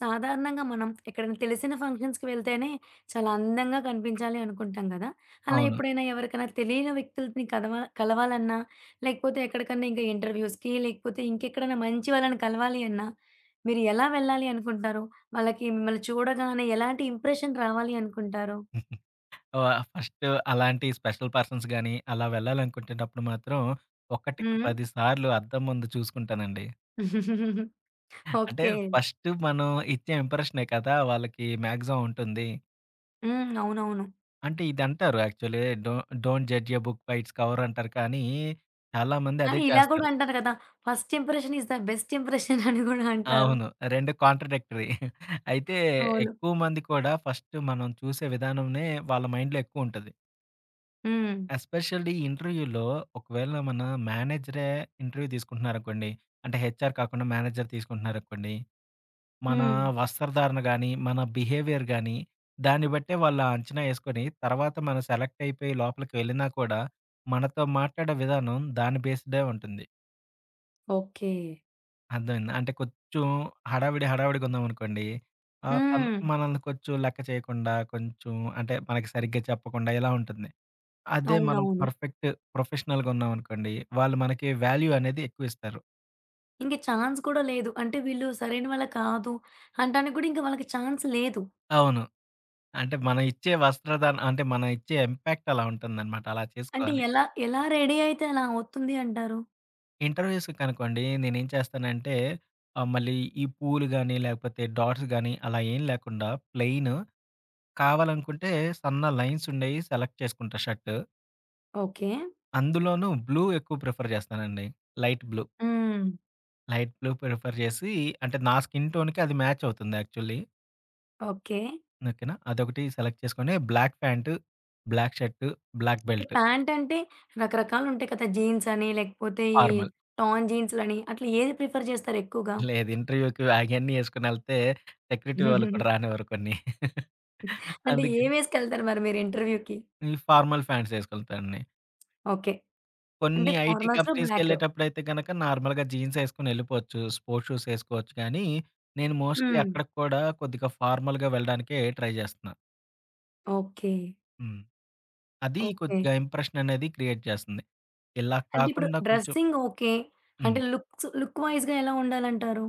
సాధారణంగా మనం ఎక్కడైనా తెలిసిన ఫంక్షన్స్‌కి వెళ్తేనే, చాలా అందంగా కనిపించాలి అనుకుంటాం కదా! అలా అవును. ఎప్పుడైనా, ఎవరికైనా తెలియని వ్యక్తులని కలవ కలవాలన్నా లేకపోతే ఎక్కడికన్నా ఇంకా ఇంటర్‌వ్యుస్‌కి లేకపోతే ఇంకెక్కడైనా మంచి వాళ్ళని కలవాలి అన్నా, మీరు ఎలా వెళ్ళాలి అనుకుంటారూ? వాళ్ళకి మిమ్మల్ని చూడగానే ఎలాంటి ఇంప్రెషన్ రావాలి అనుకుంటారు? వ ఫస్టు అలాంటి స్పెషల్ పర్సన్స్ కానీ, అలా వెళ్లాలనుకునేటప్పుడు మాత్రం హ్మ్. ఒకటికి హ్మ్. పది సార్లు అద్దం ముందు చూసుకుంటానండి. ఆ! అంటే ఓకే. ఫస్టు మనం ఇచ్చే ఇంప్రెషనే కదా వాళ్ళకి మాక్సిమం ఉంటుంది. హ్మ్. అవునవును. అంటే ఇదంటారు actually do don't judge a book by its cover అంటారు కానీ చాలా మంది అదే కానీ, ఇలా కూడా చేస్తారు. అంటారు కదా! First impression is the best impression అని కూడా అంటారు. అవును రెండూ కాంట్రాడిక్టరీ. అయితే అవును. ఎక్కువ మంది కూడా ఫస్టు మనం చూసే విధానంనే వాళ్ళ మైండ్‌లో ఎక్కువుంటది. హ్మ్. ఎస్పెషల్లీ ఇంటర్‌వ్యులో ఒకవేళ మన మేనేజరే ఇంటర్‌వ్యూ తీసుకుంటున్నారనుకోండి, అంటే హెచ్ఆర్ కాకుండా మేనేజర్ తీసుకుంటున్నారనుకోండి, మన హ్మ్. వస్త్రధారణ కానీ, మన బిహేవియర్ కానీ, దాన్ని బట్టే వాళ్ళు అంచనా ఏసుకొని తర్వాత మనం సెలెక్ట్ అయిపోయి లోపలికి వెళ్ళినా కూడా మనతో మాట్లాడే విధానం దాని బేస్డే ఉంటుంది. ఓకే. అర్థమైందా? అంటే, కొంచెం హడావిడి, హడావిడిగా ఉన్నాం అనుకోండి, ఆహ్, తను హ్మ్. మనల్ని కొంచెం లెక్క చేయకుండా, కొంచెం అంటే మనకు సరిగ్గా చెప్పకుండా, ఇలా ఉంటుంది. అదే మనం అవునవును. పర్ఫెక్టు, ప్రొఫెషనల్‌గా ఉన్నామనుకోండి, వాళ్ళు మనకి వాల్యూ అనేది ఎక్కువిస్తారు. ఇంక చాన్స్ కూడా లేదు. అంటే "వీళ్ళు సరైన వాళ్ళు కాదు." అంటానికి కూడా వాళ్ళకి చాన్స్ లేదు. అవును. అంటే, మనం ఇచ్చే వస్త్ర దానం అంటే, మనం ఇచ్చే ఇంపాక్ట్ అలా ఉంటుందనమాట. అలా అంటే, చేసుకోవాలి. ఎలా ఎలా రెడీ అయితే, అలా అవుతుంది అంటారు? ఇంటర్వ్యూస్‌కనుకోండి నేనేం చేస్తానంటే, ఆహ్, మళ్ళీ ఈ పూలు గాని, లేకపోతే డాట్స్ గాని, అలా ఏం లేకుండా ప్లెయిను కావాలనుకుంటే సన్న లైన్సుండేయి సెలెక్ట్ చేసుకుంటా షర్టు. ఓకే. అందులోనూ బ్లూ ఎక్కువ ప్రిఫర్ చేస్తానండి. Light blue. హ్మ్. లైట్ బ్లూ ప్రిఫర్ జేసి అంటే, నా స్కిన్ టోన్‌కి అది మాచవుతుంది యాక్చువలీ. ఓకే. ఓకేనా. అదొకటి సెలెక్ట్ చేసుకొని, black pant, black shirt, black belt. ప్యాంటంటే? రకరకాలుంటాయి కదా! జీన్స్ అని, లేకపోతే ఈ ఫార్మల్. టాన్ జీన్స్‌లని, అట్లా ఏది ప్రిఫర్ జేస్తారు ఎక్కువగా? లేదు. ఇంటర్వ్యూ‌కి అగన్నీ ఏసుకొనెళ్తే, సెక్యూరిటీ వాళ్ళు కూడా రానివ్వరు కొన్ని. అంటే, అందుకే ఏమేసుకెళ్తారు మరి మీరు ఇంటర్వ్యూ‌కి? ఈ ఫార్మల్ ఫ్యాంట్సేసుకెళ్తాండి. ఓకే. అంటే, కొన్ని ఐటీ ఫార్మల్స్‌లో బ్లాకు. కంపెనీస్‌కెళ్ళేటప్పుడైతే గనక నార్మల్‌గా జీన్స్ ఏసుకొనెళ్ళిపోవచ్చు. స్పోర్ట్స్ షూస్ ఏసుకోవచ్చు కానీ, నేను మోస్ట్‌లీ హ్మ్. అక్కడికి కూడా కొద్దిగా ఫార్మల్‌గా వెళ్ళడానికే ట్రై జేస్తున్నా. ఓకే. హ్మ్. అది ఓకే. కొద్దిగా ఇంప్రెషన్ అనేది క్రియేట్ చేస్తంది. ఇలాగ అంటే ఇప్పుడు, కాకుండా కొంచెం డ్రెస్సింగ్ ఓకే. అంటే హ్మ్. లుక్స్ లుక్‌వైస్‌గా ఎలా ఉండాలంటారు?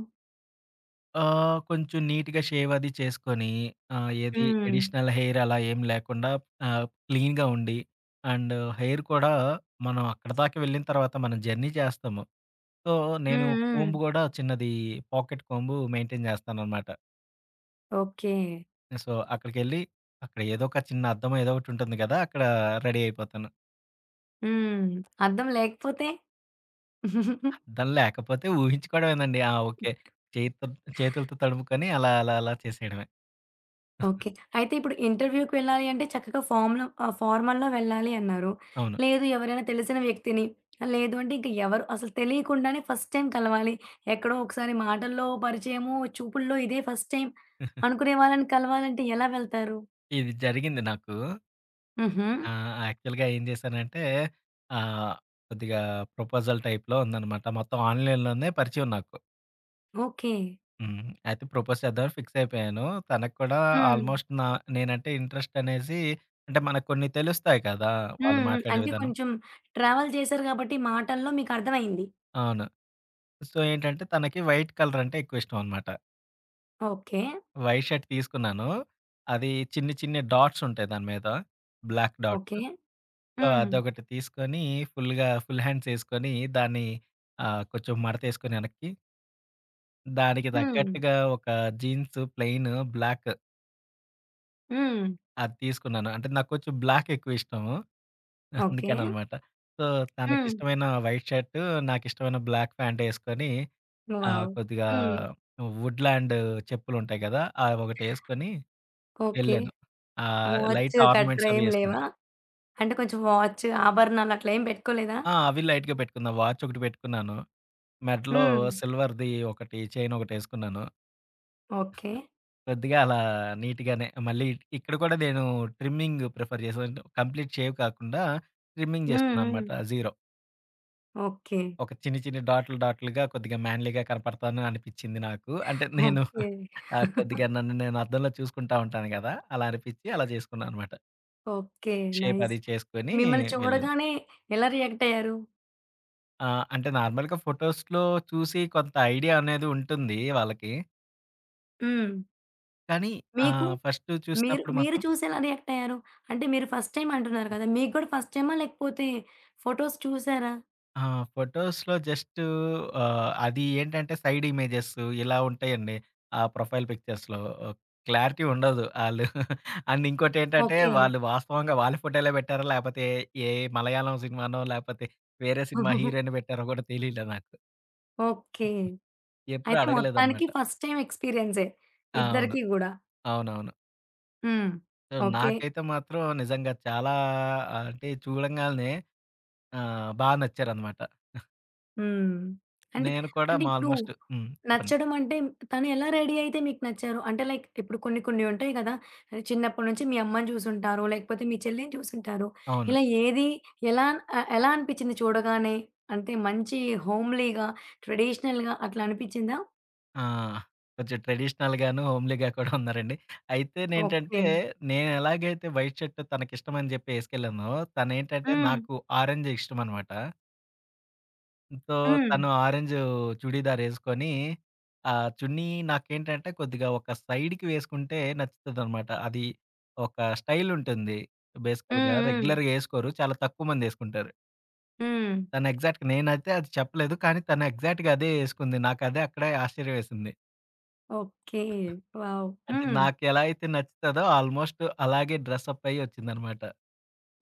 ఆహ్, కొంచెం నీట్‌గా షేవ్ అది చేసుకొని ఆ! ఏది హ్మ్. ఎడిషనల్ హెయిర్ అలా ఏమి లేకుండా ఆహ్, క్లీన్‌‌గా ఉండి అండ్ హెయిర్ కూడా, మనం అక్కడి దాకా వెళ్ళిన తర్వాత మనం జర్నీ చేస్తాము. సో నేను హ్మ్. హ్మ్. కొంబ్ గూడా చిన్నది పాకెట్ కొంబ్ మెయి‌న్‌టైన్ చేస్తాననమాట. ఓకే. సో అక్కడికెళ్లి, అక్కడ ఏదోక చిన్న అద్దం ఏదో ఒకటి ఉంటుంది కదా! అక్కడా రెడీ అయిపోతాను. హ్మ్, అద్దం లేకపోతే? అద్దం లేకపోతే ఊహించుకోవడమేనండి. ఆ! ఓకే. చేతుల్ చేతులతో తడుముకొని అలా అలా అలా చేసేయడమే. ఓకే. అయితే ఇప్పుడు ఇంటర్‌వ్యూకి వెళ్ళాలి అంటే చక్కగా ఫార్మ్‌లో ఆహ్, ఫార్మల్లో వెళ్ళాలి అన్నారు. అవును. లేదు, ఎవరైనా తెలిసిన వ్యక్తిని, లేదు అంటే ఇంకా ఎవరు అసలు తెలియకుండానే ఫస్ట్ టైమ్ కలవాలి, ఎక్కడో ఒకసారి మాటల్లో పరిచయము, చూపుల్లో ఇదే ఫస్ట్ టైమ్ అనుకునే వాళ్ళని కలవాలంటే ఎలా వెళ్తారు? ఇది జరిగింది నాకు. హుహు. ఆహ్, యాక్చువల్‌గా ఏం జేశానంటే, ఆహ్, కొద్దిగా ప్రపోజల్ టైప్‌లో ఉందన్నమాట. మొత్తం ఆన్‌లైన్‌లోనే పరిచయం నాకు. ఓకే. హ్మ్. అయితే ప్రపోజ్ చేద్దామని ఫిక్స్ అయిపోయాను. తనకి కూడా హ్మ్. ఆల్మోస్ట్ నా నేనంటే ఇంట్రెస్ట్ అనేసి, అంటే మనకు కొన్ని తెలుస్తాయి కదా! వాళ్ళు హ్మ్. హ్మ్. మాట్లాడే అంటే విధానం. కొంచెం ట్రావెల్ చేసారు కాబట్టి, మాటల్లో మీకర్థమైంది. అవును. సో, ఏంటంటే, తనకి వైట్ కలర్ అంటే ఎక్కువ ఇష్టమనమాట. ఓకే. వైట్ షర్ట్ తీసుకున్నాను. అది చిన్ని చిన్ని డాట్స్ ఉంటాయి దాని మీద, బ్లాక్ ఓకే. డాట్సు సో, హ్మ్. అదొకటి తీసుకొని, ఫుల్లుగా ఫుల్ హ్యాండ్స్ వేసుకొని దాన్ని ఆహ్, కొంచెం మడతేసుకొని వెనక్కి దానికి హ్మ్. తగ్గట్టుగా ఒక జీన్సు ప్లెయిను బ్లాకు హ్మ్. అది తీసుకున్నాను. అంటే నాకు కొంచెం బ్లాక్ ఎక్కువ ఇష్టము, ఓకే. అందుకననమాట. సో హ్మ్. తనకిష్టమైన వైట్ షర్టు, నాకిష్టమైన బ్లాక్ ప్యాంటు ఏసుకొని, ఆహ్, వావ్! కొద్దిగా వుడ్‌ల్యాండు చెప్పులుంటాయి కదా! అవొకటేసుకొని ఓకే. వెళ్ళాను. ఆహ్, లైట్ వాచు గట్ర ఆర్నమెంట్స్ అవి ఏమి వేసుకొని లేవా? అంటే కొంచెం వాచు ఆభరణాలట్లా ఏమి పెట్టుకోలేదా? ఆ! అవి లైట్‌గా పెట్టుకున్నాను, వాచ్ ఒకటి పెట్టుకున్నాను, మెడలో హ్మ్. సిల్వర్‌ది ఒకటి చైనొకటేసుకున్నాను. ఓకే. కొద్దిగా అలా నీటుగానే మళ్ళీ ఇట్ ఇక్కడ కూడా నేను ట్రిమ్మింగ్ ప్రిఫర్ చేసే వ అంటే, కంప్లీట్ షేవ్ కాకుండా, ట్రిమ్మింగ్ హ్మ్. హ్మ్. చేసుకున్నానన్నమాట జీరో. ఓకే. ఒక చిన్ని చిన్ని డాట్లు డాట్లుగా కొద్దిగా మ్యాన్‌లీ‌గా కనపడతాను అనిపిచ్చింది నాకు. అంటే నేను ఓకే. ఆహ్, కొద్దిగా నన్ను నేను అద్దంలో చూసుకుంటా ఉంటాను గదా! అలా అనిపిచ్చి అలా జేసుకున్నానన్నమాట. ఓకే. షేప్ నైస్ అది చేసుకొని మిమ్మల్ని వెళ్ళాను. చూడగానే ఎలా రియాక్టయ్యారు? ఆ! అంటే నార్మల్‌గా ఫోటోస్‌లో చూసి కొంత ఐడియా అనేది ఉంటుంది వాళ్ళకి. హ్మ్. కానీ మీకు ఆహ్, ఫస్ట్ మీరు చూసినప్పుడు మీరు మాత్రం చూసి ఎలా రియాక్టయ్యారు? అంటే మీరు ఫస్ట్ టైమ్ అంటున్నారు హ్మ్. గదా! మీకు గూడా ఫస్ట్ టైమా లేకపోతే ఫోటోస్ చూసారా? ఆ! ఫోటోస్‌లో జస్టూ ఆహ్, అది ఏంటంటే సైడ్ ఇమేజెస్ ఇలా ఉంటాయండి. ఆ ప్రొఫైల్ పిక్చర్స్‌లో క్లారిటీ ఉండదు ఆళ్ళు అండ్ ఇంకోటేంటంటే ఓకే. వాళ్ళు వాస్తవంగా వాళ్ళ ఫోటోలే పెట్టారో లేపోతే ఏ మలయాళం సినిమానో, లేపోతే వేరే సినిమా హీరోయిన్‌ని బెట్టారో గూడా తెలియలా నాకు. ఓకే. హుహు. ఎప్పుడు అయితే మొత్తానికి అడగలేదన్నమాట. First time ఎక్స్‌పీరియన్సే. ఆ! అవును. ఇద్దరికి గూడా. అవునవును. హ్మ్. So okay. నాకైతే మాత్రం నిజంగా చాలా అంటే చూడంగాల్నే ఆహ్, బాగా నచ్చారన్నమాట. ఆ హ్మ్. అంటే నేను కూడా అంటే ఇప్పుడు ఆల్మోస్ట్ హ్మ్. చెప్పండి. నచ్చడం అంటే తను ఎలా రెడీ అయితే మీకు నచ్చారు? అంటే లైక్ ఇప్పుడు కొన్ని కొన్నుంటాయి గదా! చిన్నప్పటి నుంచి మీ అమ్మని చూసింటారు, లేకపోతే మీ చెల్లిని చూసుంటారు, అవును. ఇలా ఏది ఎలా ఆహ్, ఎలా అనిపిచ్చింది చూడగానే? అంటే మంచి హోమ్లీగా, ట్రెడిషనల్‌గా అట్లా అనిపిచ్చిందా? ఆ! కొంచెం ట్రెడిషనల్‌గాను హోమ్లీగా కూడా ఉన్నారండి. ఓకే. అయితేనేంటంటే నేనెలాగైతే వైట్ షర్టు తనకిష్టం అని చెప్పి ఏసుకెళ్ళానో. తనేంటంటే హ్మ్. నాకు ఆరంజు ఇష్టమనమాట సో హ్మ్. తను ఆరెంజు చుడిదారేసుకొని, ఆ చున్నీ నాకేంటంటే కొద్దిగా ఒక సైడికి వేసుకుంటే నచ్చుతదన్నమాట. అది ఒక స్టైలుంటుంది. బేసికల్‌గా, హ్మ్. హ్మ్. రెగ్యులర్‌గా ఏసుకోరు. చాలా తక్కువ మందేసుకుంటారు. హ్మ్. తను ఎగ్జాక్ట్‌‌గ నేనయితే అది చెప్పలేదు. కానీ తను ఎగ్జాక్ట్‌గా అదే ఏసుకుంది. నాకదే అక్కడే ఆశ్చర్యం వేసింది. ఓకే. వావ్! అంటే హ్మ్. నాకెలా అయితే నచ్చుతదో ఆల్మోస్ట్ అలాగే డ్రెస్ అప్ అయ్యి వచ్చిందన్నమాట.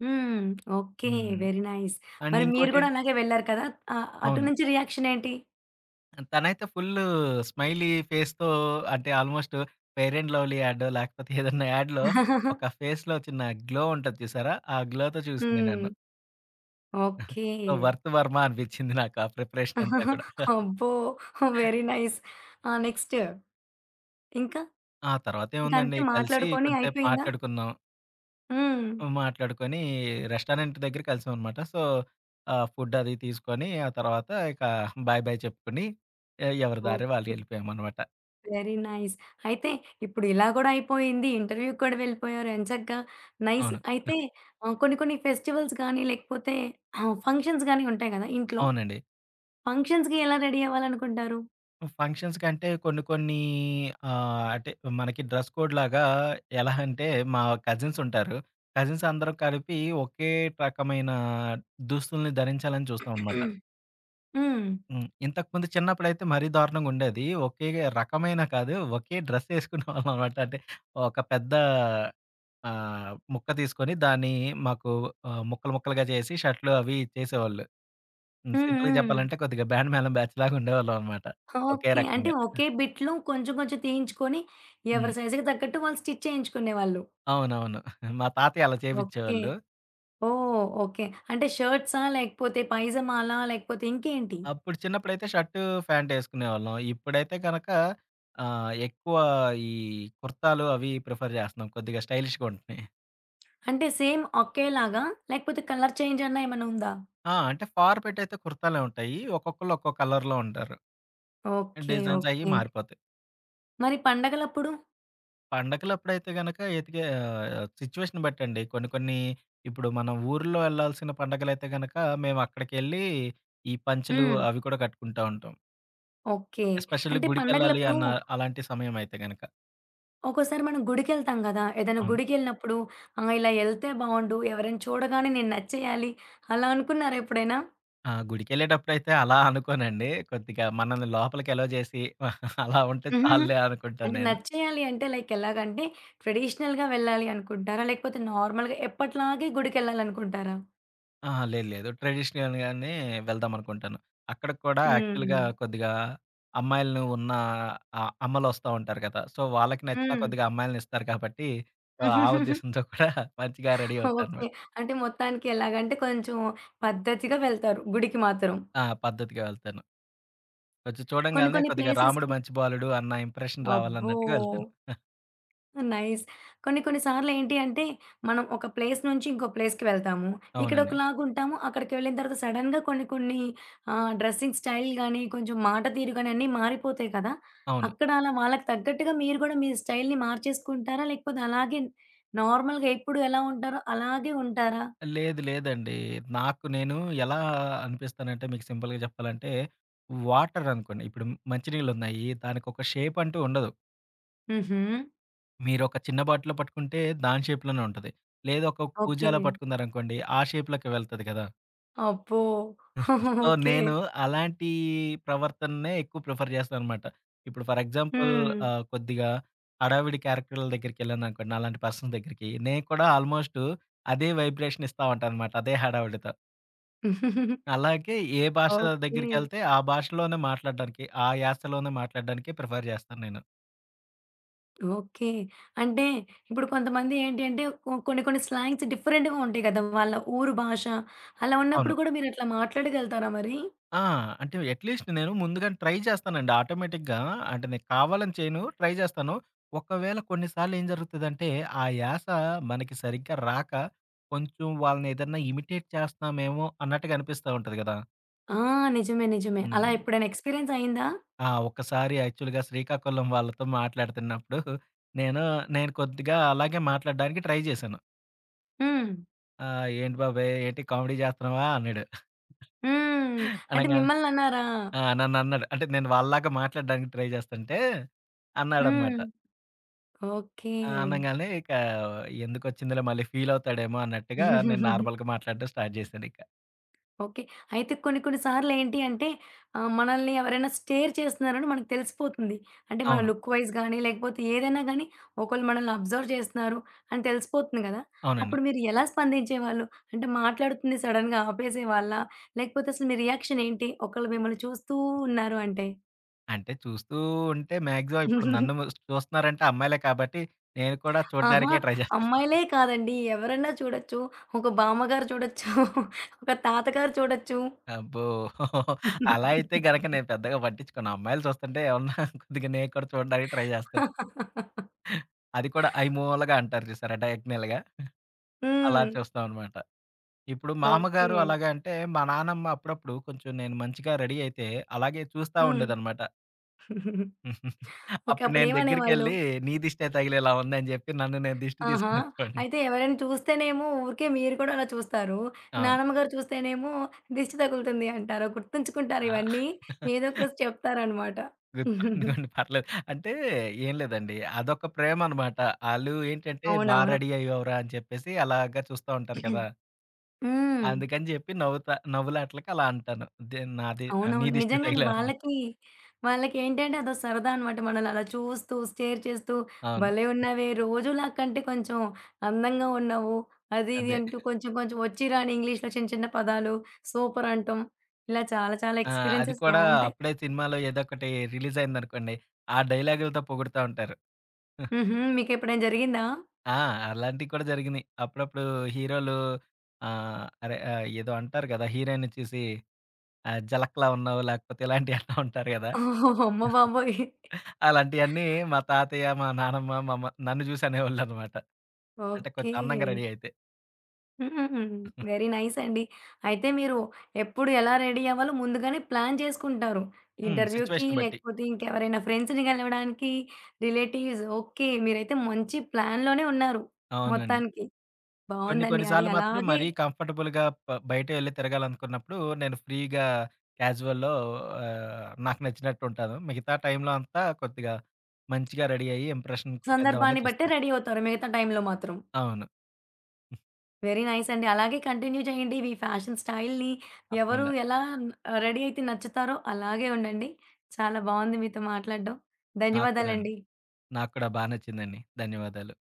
హ్మ్. ఓకే. హ్మ్. వెరీ నైస్ అండ్ మరి మీరు ఇంకోటేం కూడా అలాగే వెళ్లారు కదా! ఆహ్, అటు అవును. నుంచి రియాక్షన్ ఏంటి? తనైతే ఫుల్లు స్మైలీ ఫేస్‌తో అంటే, ఆల్మోస్టు ఫెయిర్ అండ్ లవ్లీ యాడో లేకపోతే ఏదన్నా యాడ్‌లో ఒక ఫేస్‌లో చిన్న గ్లో ఉంటది చూసారా! ఆ గ్లోతో చూసింది హ్మ్. నన్ను. ఓకే. సో, వర్త్ వర్మ అనిపిచ్చింది నాకు ఆ ప్రిపరేషనంతా కూడా. అబ్బో! Very nice. ఆ! నెక్స్టు ఇంకా? ఆ ఇంకంతే తర్వాతేముందండి కలిసి మాట్లాడుకొని కొంసేపు అయిపోయిందా? మాట్లాడుకున్నాం. హ్మ్. హ్మ్. మాట్లాడుకొని రెస్టారెంట్ దగ్గర కలిసామన్నమాట. సో, ఆహ్, ఫుడ్డది తీసుకొని ఆ తర్వాత, ఇక బై, బై చెప్పుకొని, ఏ ఎవరి దారి వాళ్ళు ఓకే. యెళ్ళిపోయామన్నమాట. Very nice. అయితే ఇప్పుడిలా గూడా అయిపోయింది. ఇంటర్వ్యూకి కూడా వెళ్ళిపోయారు ఎంచగ్గా. నైస్. అవును. ఆ! అయితే ఆహ్, కొన్ని, కొన్ని ఫెస్టివల్స్ గాని, లేకపోతే ఆహ్, ఫంక్షన్స్ గాని ఉంటాయి గదా ఇంట్లో, అవునండి. ఫంక్షన్స్‌‌కి ఎలా రెడీ అవ్వాలనుకుంటారు? ఫంక్షన్స్‌కంటే కొన్ని, కొన్ని ఆహ్, అంటే మనకి డ్రెస్ కోడ్‌లాగా ఎలా అంటే, మా కజిన్సుంటారు. కజిన్సందరూ కలిపి, ఒకే రకమైన దుస్తుల్ని ధరించాలని చూస్తామన్నమాట. హ్మ్. హ్మ్. ఇంతకుముందు చిన్నప్పుడైతే మరీ దారుణంగుండేది. ఒకే రకమైన కాదు, ఒకే డ్రెస్సేసుకునే వాళ్ళం అనమాట. అంటే ఒక పెద్ద ఆహ్, ముక్క తీసుకొని దాన్ని మాకు ఆహ్, ముక్కలు ముక్కలుగా చేసి షర్ట్‌లు అవి చేసేవాళ్ళు. హ్మ్. హ్మ్. సింపుల్‌గా హ్మ్. చెప్పాలంటే కొద్దిగా బ్యాండ్ మ్యాళం బ్యాచ్‌లాగా ఉండేవాళ్ళమన్నమాట ఒకే ఓకే. అంటే రకంగా. ఒకే బిట్‌‌లో కొంచెం, కొంచెం తీయించుకొని హ్మ్. ఎవరి సై‌జ్‌‌కి తగ్గట్టు వాళ్ళు స్టిచ్ చేయించుకునేవాళ్ళు. అవునవును. మా తాతయ్య అలా ఓకే. చేపిచ్చేవాళ్ళు. ఓహ్! ఓకే. అంటే షర్ట్సా లేకపోతే పైజామాలా? లేకపోతే ఇంకేంటి? అప్పుడు చిన్నప్పుడైతే, షర్ట్, ఫ్యాంటేసుకునేవాళ్ళం. ఇప్పుడైతే కనక ఆహ్, ఎక్కువ ఈ కుర్తాలు అవి ప్రిఫర్ జేస్తున్నాం కొద్దిగా స్టైలిష్‌గా ఉంటున్నాయి. అంటే సేమ్ ఒకేలాగా? లేకపోతే, కలర్ చేంజన్న అన్న ఏమన్నుందా? ఆ! అంటే ఫార్ పెట్ అయితే కుర్తాలే ఉంటాయి. ఒక్కొక్కళ్ళు ఒక్కొ కలర్‌లో ఉంటారు. ఓకే. డిజైన్స్ అయి ఓకే. మారిపోతాయి. మరి పండగలప్పుడు? పండగలప్పుడైతే గనక ఎతికే ఆహ్, సిట్యుయేషన్ బట్టండి. కొన్ని, కొన్ని ఇప్పుడు మనం ఊర్లో ఎళ్ళాల్సిన పండగలైతే గనుక మేమక్కడికెళ్ళి, ఈ పంచలు హ్మ్. అవి కూడా కట్టుకుంటా ఉంటాం. ఓకే. ఎస్పెషల్లీ అంటే గుడికెళ్ళాలి పండగలప్పుడు అన్న అలాంటి సమయం అయితే గనక. ఒకోసారి మనం గుడికెళ్తాం గదా! ఏదైనా అవును. గుడికెళ్ళినప్పుడు ఆహ్, ఇలా ఎళ్తే బావుండు, ఎవరైనా చూడగానే నేను నచ్చేయాలి, అలా అనుకున్నారా ఎప్పుడైనా? ఆ! గుడికెళ్ళేటప్పుడైతే అలా అనుకోనండి. కొద్దిగా మనల్ని లోపలికెలౌ చేసి, అలా ఉంటే చాల్లే అనుకుంటాను అంటే నేను. నచ్చేయాలి అంటే, లైక్ ఎలాగంటే, ట్రెడిషనల్‌గా వెళ్ళాలి అనుకుంటారా? లేకపోతే, నార్మల్‌గా ఎప్పటిలాగే గుడికెళ్ళాలనుకుంటారా? అహా! లేదు. లేదు. ట్రెడిషనల్‌గానే వెళ్దాం అనుకుంటాను. అక్కడికి కూడా యాక్చువల్‌గా హ్మ్. కొద్దిగా అమ్మాయిల్ని ఉన్న అ అమ్మలొస్తా ఉంటారు గదా! సో, వాళ్ళకి నచ్చిన హ్మ్. కొద్దిగా అమ్మాయిల్నిస్తారు కాబట్టి, ఆ ఉద్దేశంతో కూడా మంచిగా రెడీ ఓకే. అవుతానన్నమాట. అంటే మొత్తానికి ఎలాగంటే కొంచెం పద్ధతిగా వెళ్తారు, గుడికి మాత్రం. ఆ! పద్ధతిగా వెళ్తాను. కొంచెం కొన్ని, చూడంగాల్నే కొన్ని కొద్దిగా రాముడు ప్లేసెస్‌కి మంచి బాలుడు అన్న ఇంప్రెషన్ అబ్బో! రావాలన్నట్టుగా వెళ్తాను. నైస్. కొన్ని, కొన్ని సార్లు ఏంటి అంటే, మనం ఒక ప్లేస్ నుంచి ఇంకో ప్లేస్‌కి వెళ్తాము. అవునండి. ఇక్కడొకలాగుంటాము. అక్కడికి వెళ్ళిన తర్వాత సడెన్‌గా కొన్ని, కొన్ని ఆహ్, డ్రెసింగ్ స్టైల్ గానీ, కొంచెం మాట తీరు గానీ, అన్నీ మారిపోతాయి కదా! అవును. అక్కడ అలా వాళ్ళకి తగ్గట్టుగా మీరు కూడా మీ స్టైల్‌ని మార్చేసుకుంటారా? లేకపోతే, అలాగే నార్మల్‌గా ఎప్పుడు ఎలా ఉంటారో, అలాగే ఉంటారా? లేదు. లేదండి. నాకు నేను ఎలా అనిపిస్తానంటే మీకు సింపుల్‌గా చెప్పాలంటే, వాటర్ అనుకోండి. ఇప్పుడు మంచి నీళ్లున్నాయి, దానికొక షేపంటూ ఉండదు. హుహు. మీరు ఒక చిన్న బాటిలు పట్టుకుంటే దాని షేప్‌లోనే ఉంటది. లేదూ ఒక కూజాలో ఓకే. పట్టుకున్నారనుకోండి ఆ షేప్‌లోకి వెళ్తది గదా! అబ్బో! So, okay. నేను అలాంటి ప్రవర్తననే ఎక్కువ ప్రిఫర్ జేస్తానన్నమాట. ఇప్పుడు ఫర్ ఎగ్జాంపుల్ హ్మ్. ఆహ్, కొద్దిగా హడావుడి క్యారెక్టర్‌ల దగ్గరికెళ్ళాననుకోండి, నాలాంటి పర్సన్ దగ్గరికి నేను కూడా ఆల్మోస్టు అదే వైబ్రేషన్ ఇస్తా ఉంటానన్నమాట అదే హడావుడితో. అలాగే ఏ భాష ఓకే. దగ్గరికెళ్తే ఆ భాషలోనే మాట్లాడడానికి, ఆ యాసలోనే మాట్లాడడానికే ప్రిఫర్ జేస్తాను నేను. ఓకే. అంటే, ఇప్పుడు కొంతమంది ఏంటి అంటే ఒ కొన్ని కొన్ని స్లాంగ్సు డిఫరెంట్‌గా ఉంటాయి కదా! వాళ్ళ ఊరు భాష అలా అవును. ఉన్నప్పుడు కూడా మీరట్లా మాట్లాడగలతారా మరి? ఆ! అంటే అట్లీస్ట్ నేను ముందుగానే ట్రై చేస్తానండి ఆటోమేటిక్‌గా. అంటే నేను కావాలని చేయను. ట్రై చేస్తాను. ఒకవేళ కొన్ని సార్లు ఏం జరుగుతదంటే ఆ యాస మనకి సరిగ్గా రాక కొంచెం వాళ్ళని ఏదైనా ఇమిటేట్ చేస్తున్నామేమో అన్నట్టుగా అనిపిస్తా ఉంటది గదా! ఆ! నిజమే, నిజమే. అలా హ్మ్. ఎప్పుడైనా ఎక్స్‌పీరియన్స్ అయిందా? ఆ! ఒక్కసారి యాక్చువల్‌గా శ్రీకాకుళం వాళ్ళతో మాట్లాడుతున్నప్పుడు, నేను నేను కొద్దిగా అలాగే మాట్లాడడానికి ట్రై చేశాను. హ్మ్. ఆ! "ఏంటి బాబాయ్ ఏంటి కామెడీ జేస్తన్నావా" అన్నాడు. హ్మ్. అంటే అనంగాల్నే మిమ్మల్నన్నారా? ఆ! నన్నన్నాడు అంటే నేను వాళ్ళలాగా మాట్లాడ్డానికి ట్రై జేస్తంటే అన్నాడన్నమాట. హ్మ్. ఓకే. ఆ! అనంగాలనే ఇక ఎందుకొచ్చిందిలే మళ్ళీ ఫీలవుతాడేమో అన్నట్టుగా నేను నార్మల్‌గా మాట్లాడ్డం స్టార్ట్ జేశానింక. ఓకే. అయితే కొన్ని కొన్ని సార్లు ఏంటి అంటే ఆ మనల్ని ఎవరైనా స్టేర్ చేస్తున్నారని మనకి తెలిసిపోతుంది. అంటే మన అవును. లుక్ వైజ్ గాని లేకపోతే ఏదైనా గాని, ఒకళ్ళు మనల్ని అబ్‌జర్వ్ చేస్తున్నారు అని తెలిసిపోతుంది గదా! అవునండి. అప్పుడు మీరెలా స్పందించేవాళ్ళు? అంటే మాట్లాడుతుంది సడెన్‌గా ఆపేసేవాళ్ళా? లేకపోతే అసలు మీ రియాక్షన్ ఏంటి? ఒకళ్ళు మిమ్మల్ని చూస్తూ ఉన్నారు అంటే? అంటే, చూస్తూ ఉంటే మాక్సిమం ఇప్పుడు నన్ను చూస్తున్నారంటే అమ్మాయిలే కాబట్టి నేను కూడా ఆహా! చూడ్డానికే ట్రై జేస్తాను. అమ్మాయిలే కాదండి ఎవరన్నా చూడచ్చు ఒక బామ్మగారు చూడచ్చు, ఒక తాతగారు చూడచ్చు. అబ్బో! అలా అయితే గనక నేను పెద్దగా పట్టిచ్చుకోను. అమ్మాయిలు చూస్తుంటే ఏవన్నా కొద్దిగా నేకూడా చూడ్డానికి ట్రై జేస్తాను. అది కూడా ఐమూలగా అంటారు జూసారా డయాగ్నల్‌గా, అలా హ్మ్. చూస్తామన్నమాట. ఇప్పుడు మామ్మగారు ఓకే. అలాగా అంటే మా నానమ్మ అప్పుడప్పుడు కొంచెం నెను మంచిగా రడీ అయితే అలాగే చూస్తా హ్మ్. ఉండేదన్నమాట. ఓకే. అప్పుడు నేను అప్పుడేమనేవాళ్ళు? దెగ్గరికెళ్లి నీ దిష్టే తగిలేలా ఉందని జెప్పి నన్ను నేను దిష్టి ఆహా! తీసుకొనొచ్చేవాడిని. అయితే ఎవరైనా చూస్తేనేమో ఊరికే మీరు కుడా అలా చూస్తారు. అవును. నానమ్మ గారు చూస్తేనేమో దిష్టి తగులుతుంది అంటారా గుర్తుంచుకుంటారు ఆ! ఇవన్నీ, ఏదోక రోజు చెప్తారన్నమాట. గుర్తుండనివ్వండి పర్లేదు అంటే ఏం లేదండి అదొక ప్రేమ అన్నమాట. ఆళ్ళు ఏంటంటే బా అవునవును. రడీ అయ్యావు‌రా అని చెప్పేసి అలాగ చూస్తా ఉంటారు కదా! హ్మ్. అందుకని జెప్పి నవ్వుత నవ్వులాటలకి అలా అంటాను. దె నాది ఆ నీ అవునవును. దిష్టే నిజంగానే తగిలేల ఉంది. వాళ్ళకి వాళ్ళకేంటంటే అదో సరదా అన్నమాట. మనల్ని అలా చూస్తూ స్టేర్ చేస్తూ అవును. భలే ఉన్నవే రోజులా కంటే కొంచెం అందంగా ఉన్నావు. అది ఇది అదే. అంటూ కొంచెం కొంచెం ఒచ్చి రాని ఇంగ్లీష్‌లో చిన్న చిన్న పదాలు సూపర్ అంటం. ఇలా చాలా చాలా ఆ! అది ఎక్స్‌పీరియన్సెస్ కూడా బావుంటాయి. అప్పుడే సినిమాలో ఏదోకటి రిలీజ్ అయిందనుకోండి ఆ డైలాగులుతో పొగుడుతా ఉంటారు. హుహు. మీకెప్పుడైనా జరిగిందా? ఆ! అలాంటియి కూడా జరిగినియి. అప్పుడప్పుడు హీరోలు ఆహ్, అదే ఆ ఏదో అంటారు గదా! హీరోయిన్‌ని చూసి ఆ జలక్‌లా ఉన్నావు లేకపోతే ఇలాంటియి అంటావుంటారు గదా. ఓహ్! అమ్మబాబోయ్! అలాంటియన్నీ మా తాతయ్య, మా నానమ్మ, మా అమ్మ, నన్ను జూసి అనేవాళ్ళన్నమాట. అంటే కొంచెం అందంగా ఓకే. రడీ అయితే. హుహుహు. వెరీ నైస్ అండి. అయితే మీరు ఎప్పుడు ఎలా రెడీ అవ్వాలో ముందుగానే ప్లాన్ జేసుకుంటారు. హ్మ్. ఇంటర్‌వ్యూ‌కి సిచ్యుయేషన్‌ని బట్టి. లేకపోతే ఇంకెవరైనా ఫ్రెండ్స్‌ని గలవడానికి, రిలేటివ్స్ ఓకే మీరైతే మంచి ప్లాన్‌లోనే ఉన్నారు అవునండి. మొత్తానికి. కొన్ని బావుందండి కొన్ని అది సార్లు మాత్రం అలాగే మరీ కంఫర్టబుల్‌గా బ బయట వెళ్లి తిరగాలనుకున్నప్పుడు, నేను ఫ్రీ‌గా క్యాజువల్‌లో ఆహ్, నాకు నచ్చినట్టు ఉంటాను. మిగతా టైమ్‌లో అంతా కొద్దిగా మంచిగా రెడీ అయ్యి ఇంప్రెషన్ కొట్టేద్దాం అనే సందర్భాన్ని బట్టే చూస్తాను. రడీ అవుతారు మిగతా టైమ్‌లో మాత్రం. అవును. హ్మ్. వెరీ నైస్ అండి. అలాగే కంటిన్యూ జేయండి ఇవి ఫ్యాషన్ స్టైల్‌ని ఎవరు తప్పకుండా. ఎలా రడీ అయితే నచ్చుతారో అలాగే ఉండండి. చాలా బావుంది మీతో మాట్లాడ్డం నాకు కూడాను, ధన్యవాదాలండి. నాకు కూడా బా నచ్చిందండి ధన్యవాదాలు.